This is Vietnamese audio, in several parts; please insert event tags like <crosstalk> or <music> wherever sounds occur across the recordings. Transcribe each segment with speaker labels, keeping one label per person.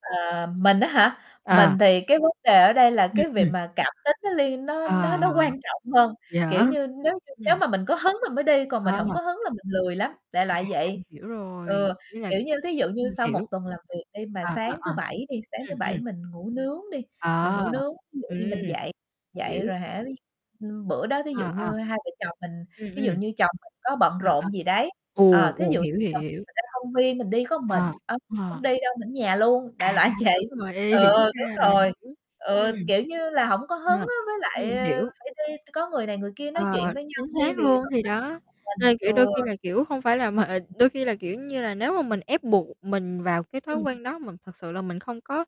Speaker 1: Ờ, mình á hả?
Speaker 2: Ờ.
Speaker 1: Mình thì cái vấn đề ở đây là
Speaker 2: Ừm,
Speaker 1: cái việc
Speaker 2: ừm.
Speaker 1: mà cảm tính nó liên nó
Speaker 2: Ờ,
Speaker 1: nó
Speaker 2: ờ.
Speaker 1: nó quan trọng hơn,
Speaker 2: Vậy hả?
Speaker 1: kiểu như, nếu như nếu
Speaker 2: Ừm.
Speaker 1: mà mình có hứng mình mới đi, còn mình hổng
Speaker 2: À.
Speaker 1: có hứng là mình lười lắm, đại
Speaker 2: À,
Speaker 1: loại
Speaker 2: mình
Speaker 1: vậy.
Speaker 2: hiểu rồi.
Speaker 1: Ừ,
Speaker 2: Ý là
Speaker 1: kiểu như, thí dụ như
Speaker 2: mình
Speaker 1: sau 1
Speaker 2: hiểu.
Speaker 1: tuần làm việc đi mà
Speaker 2: Ờ, ờ,
Speaker 1: sáng
Speaker 2: ờ.
Speaker 1: thứ Bảy đi, sáng
Speaker 2: Ừm,
Speaker 1: thứ
Speaker 2: ừm.
Speaker 1: Bảy mình ngủ nướng đi, mình ngủ
Speaker 2: Ờ.
Speaker 1: nướng, ví dụ như
Speaker 2: Ừm.
Speaker 1: mình dậy dậy
Speaker 2: Hiểu.
Speaker 1: rồi hả, ví ưm, bữa đó thí dụ
Speaker 2: Ờ, ờ.
Speaker 1: như hai vợ chồng mình
Speaker 2: Ừm,
Speaker 1: ví dụ
Speaker 2: ừm.
Speaker 1: như chồng mình có bận
Speaker 2: À, à.
Speaker 1: rộn gì đấy ờ,
Speaker 2: Ồ,
Speaker 1: thí
Speaker 2: ồ,
Speaker 1: dụ
Speaker 2: hiểu, hiểu.
Speaker 1: <unintelligible> ra công viên mình đi có một mình,
Speaker 2: À.
Speaker 1: ông
Speaker 2: Ờ.
Speaker 1: hổng đi đâu, mình ở nhà luôn, đại
Speaker 2: À,
Speaker 1: loại vậy.
Speaker 2: đúng rồi, ê,
Speaker 1: Ừ,
Speaker 2: hiểu
Speaker 1: đúng
Speaker 2: ra rồi,
Speaker 1: rồi.
Speaker 2: ưm,
Speaker 1: Ừ,
Speaker 2: ừm.
Speaker 1: kiểu như là, hổng có hứng
Speaker 2: À.
Speaker 1: á, với
Speaker 2: Ừm,
Speaker 1: lại, ơ,
Speaker 2: hiểu.
Speaker 1: phải đi có người này người kia nói chuyện
Speaker 2: Ờ,
Speaker 1: với nhau
Speaker 2: chính
Speaker 1: đi
Speaker 2: xác
Speaker 1: vì
Speaker 2: luôn, thì đó,
Speaker 1: <unintelligible> mình.
Speaker 2: nên, kiểu, đôi
Speaker 1: Ừ.
Speaker 2: khi là, kiểu, hông phải là mà đôi khi là, kiểu như là, nếu mà mình ép buộc mình vào cái thói
Speaker 1: Ừm.
Speaker 2: quen đó mà thực sự là mình không có,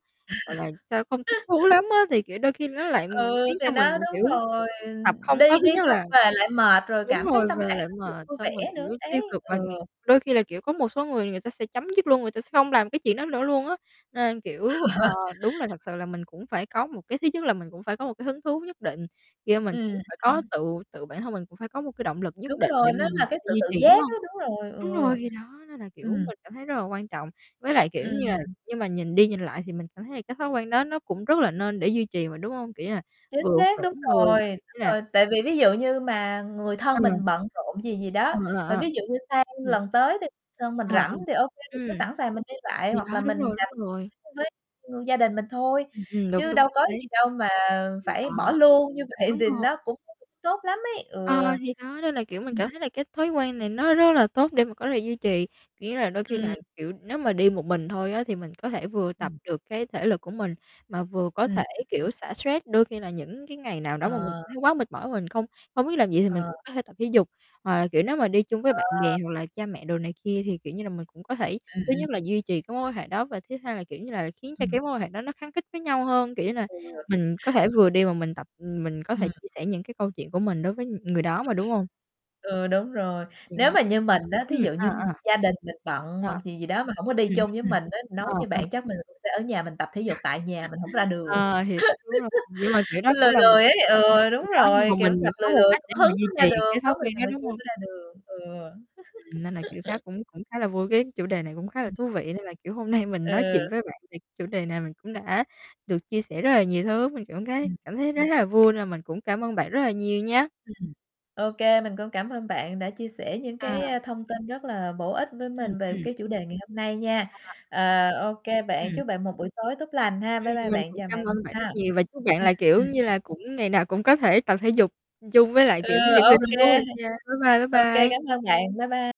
Speaker 2: gọi là, sao, không thích thú
Speaker 1: <chuckles>
Speaker 2: lắm á, thì, kiểu, đôi khi nó lại, ừm,
Speaker 1: Ừ,
Speaker 2: khiến
Speaker 1: thì
Speaker 2: cho mình,
Speaker 1: đó, đúng
Speaker 2: kiểu,
Speaker 1: rồi,
Speaker 2: học
Speaker 1: ừm,
Speaker 2: không
Speaker 1: đi
Speaker 2: có thứ
Speaker 1: đi
Speaker 2: nhất
Speaker 1: xong
Speaker 2: là
Speaker 1: về lại mệt, rồi
Speaker 2: đúng
Speaker 1: cảm thấy
Speaker 2: rồi,
Speaker 1: tâm
Speaker 2: về
Speaker 1: trạng
Speaker 2: lại
Speaker 1: hông được
Speaker 2: mệt,
Speaker 1: vui vẻ
Speaker 2: xong rồi,
Speaker 1: nữa.
Speaker 2: kiểu,
Speaker 1: Đấy.
Speaker 2: tiêu cực và, ừm,
Speaker 1: Ừ.
Speaker 2: đôi khi là, kiểu, có một số người người ta sẽ chấm dứt luôn, người ta sẽ hông làm cái chuyện đó nữa luôn á. Nên, kiểu, ờ,
Speaker 1: <chuckles>
Speaker 2: đúng là thật sự là mình cũng phải có một cái thứ nhất là mình cũng phải có một cái hứng thú nhất định khi mình cũng
Speaker 1: Ừm,
Speaker 2: phải có
Speaker 1: ừm.
Speaker 2: tự tự bản thân mình cũng phải có một cái động lực nhất
Speaker 1: Đúng
Speaker 2: định để
Speaker 1: rồi, nó
Speaker 2: mà mình
Speaker 1: là
Speaker 2: có
Speaker 1: cái
Speaker 2: thể
Speaker 1: sự
Speaker 2: duy
Speaker 1: tự
Speaker 2: trì, đúng
Speaker 1: giác
Speaker 2: hông?
Speaker 1: á, đúng rồi,
Speaker 2: Đúng rồi,
Speaker 1: ừ.
Speaker 2: thì đó, nên là, kiểu,
Speaker 1: Ừm.
Speaker 2: mình cảm thấy rất là quan trọng, với lại, kiểu như là
Speaker 1: Ừm.
Speaker 2: nhưng mà nhìn đi nhìn lại thì mình cảm thấy là cái thói quen đó nó cũng rất là nên để duy trì mà, đúng hông? Kiểu như là,
Speaker 1: Chính
Speaker 2: vừa
Speaker 1: xác,
Speaker 2: khỏe
Speaker 1: đúng
Speaker 2: người,
Speaker 1: rồi, đúng
Speaker 2: ý là
Speaker 1: rồi, tại vì ví dụ như mà người thân
Speaker 2: Ừm.
Speaker 1: mình bận rộn gì gì
Speaker 2: Ờ,
Speaker 1: đó,
Speaker 2: ờ,
Speaker 1: và
Speaker 2: ờ.
Speaker 1: ví dụ như sang
Speaker 2: Ừm.
Speaker 1: lần tới thì thân mình
Speaker 2: Ờ, ờ.
Speaker 1: rảnh thì ô kê mình
Speaker 2: Ừm.
Speaker 1: cứ sẵn sàng mình đi lại,
Speaker 2: Thì
Speaker 1: hoặc là
Speaker 2: đó, đúng
Speaker 1: mình
Speaker 2: rồi, đúng rồi.
Speaker 1: <unintelligible> gia đình mình thôi,
Speaker 2: Ừm, đúng,
Speaker 1: chứ
Speaker 2: đúng.
Speaker 1: đâu có
Speaker 2: Đấy.
Speaker 1: gì đâu mà
Speaker 2: Thì
Speaker 1: phải bỏ
Speaker 2: đó.
Speaker 1: luôn, như vậy
Speaker 2: Đúng
Speaker 1: thì
Speaker 2: rồi.
Speaker 1: nó cũng <unintelligible> tốt lắm ấy,
Speaker 2: Ờ,
Speaker 1: ừ.
Speaker 2: thì đó, nên là, kiểu, mình
Speaker 1: Ừm.
Speaker 2: cảm thấy là cái thói quen này nó rất là tốt để mà có thể duy trì, kiểu như là, đôi khi là,
Speaker 1: Ừm.
Speaker 2: kiểu, nếu mà đi một mình thôi á thì mình có thể vừa tập
Speaker 1: Ừm.
Speaker 2: được cái thể lực của mình, mà vừa có thể,
Speaker 1: Ừm.
Speaker 2: kiểu, xả stress. Đôi khi là những cái ngày nào đó
Speaker 1: Ờ.
Speaker 2: mà mình thấy quá mệt mỏi và mình không không biết làm gì thì mình
Speaker 1: Ờ.
Speaker 2: cũng có thể tập thể dục, hoặc là, kiểu, nếu mà đi chung với bạn bè,
Speaker 1: Ờ!
Speaker 2: hoặc là cha mẹ đồ này kia thì, kiểu như là, mình cũng có thể
Speaker 1: Ừm,
Speaker 2: thứ
Speaker 1: ừm.
Speaker 2: nhất là duy trì cái mối quan hệ đó, và thứ hai là, kiểu như là, khiến cho
Speaker 1: Ừm.
Speaker 2: cái mối quan hệ đó nó khắng khít với nhau hơn, kiểu như là,
Speaker 1: Ừ.
Speaker 2: mình có thể vừa đi mà mình tập, ừm, mình có thể
Speaker 1: Ừm.
Speaker 2: chia sẻ những cái câu chuyện của mình đối với, ừm, người đó mà, đúng hông?
Speaker 1: Ừ, đúng rồi. Nếu
Speaker 2: <unintelligible>
Speaker 1: mà như mình á, thí
Speaker 2: Ừm,
Speaker 1: dụ
Speaker 2: ờ,
Speaker 1: như
Speaker 2: ờ.
Speaker 1: gia đình mình bận hoặc
Speaker 2: Ờ.
Speaker 1: gì gì đó mà hổng có đi
Speaker 2: Ừm,
Speaker 1: chung với
Speaker 2: ừm.
Speaker 1: mình á, nói
Speaker 2: Ờ,
Speaker 1: như
Speaker 2: ờ.
Speaker 1: bạn chắc mình cũng sẽ ở nhà mình tập thể dục tại nhà, mình hổng ra
Speaker 2: <chuckles>
Speaker 1: đường. <chuckles>
Speaker 2: Ờ, hiểu, đúng rồi. Nhưng mà, kiểu, đó
Speaker 1: Mình
Speaker 2: cũng
Speaker 1: lười
Speaker 2: là một
Speaker 1: lười ấy,
Speaker 2: <unintelligible>
Speaker 1: ừ,
Speaker 2: gì
Speaker 1: đúng
Speaker 2: đó, nhưng
Speaker 1: rồi,
Speaker 2: mà
Speaker 1: kiểu,
Speaker 2: mình
Speaker 1: gặp
Speaker 2: vẫn có
Speaker 1: lười
Speaker 2: một
Speaker 1: lười,
Speaker 2: cách
Speaker 1: <unintelligible>
Speaker 2: để mà
Speaker 1: hứng
Speaker 2: duy
Speaker 1: ra
Speaker 2: trì
Speaker 1: đường,
Speaker 2: cái thói
Speaker 1: có người
Speaker 2: quen
Speaker 1: này
Speaker 2: đó,
Speaker 1: người kia
Speaker 2: đúng không?
Speaker 1: mới ra đường. Ừ.
Speaker 2: Ừm, nên là, kiểu, khá
Speaker 1: <chuckles>
Speaker 2: cũng cũng khá là vui, cái chủ đề này cũng khá là
Speaker 1: Ừm.
Speaker 2: thú vị, nên là, kiểu, hôm nay mình nói chuyện
Speaker 1: Ừ.
Speaker 2: với bạn về chủ đề này mình cũng đã được chia sẻ rất là nhiều thứ. Mình cảm gấy
Speaker 1: Ừm.
Speaker 2: cảm thấy rất là vui nên là mình cũng cảm ơn bạn rất là nhiều nha!
Speaker 1: Ừm. Ô kê, mình cũng cảm ơn bạn đã chia sẻ những
Speaker 2: À.
Speaker 1: cái, a, thông tin rất là bổ ích với
Speaker 2: Ừm,
Speaker 1: mình về
Speaker 2: ừm.
Speaker 1: cái chủ đề ngày hôm nay nha.
Speaker 2: À.
Speaker 1: Ờ, ô kê bạn,
Speaker 2: Ừm.
Speaker 1: chúc bạn một buổi tối tốt lành ha.
Speaker 2: Ừm,
Speaker 1: Bye bye
Speaker 2: mình
Speaker 1: bạn,
Speaker 2: cũng
Speaker 1: chào bạn
Speaker 2: cảm ơn bạn
Speaker 1: ha.
Speaker 2: rất nhiều và chúc bạn
Speaker 1: Ừm.
Speaker 2: là, kiểu
Speaker 1: Ừm.
Speaker 2: như là, cũng ngày nào cũng có thể tập thể dục, ưm, chung với lại,
Speaker 1: Ừ,
Speaker 2: kiểu, những người
Speaker 1: ô
Speaker 2: thân
Speaker 1: kê.
Speaker 2: của mình nha. Bye bye, bye
Speaker 1: Ô kê,
Speaker 2: bye!
Speaker 1: cảm ơn bạn. Bye bye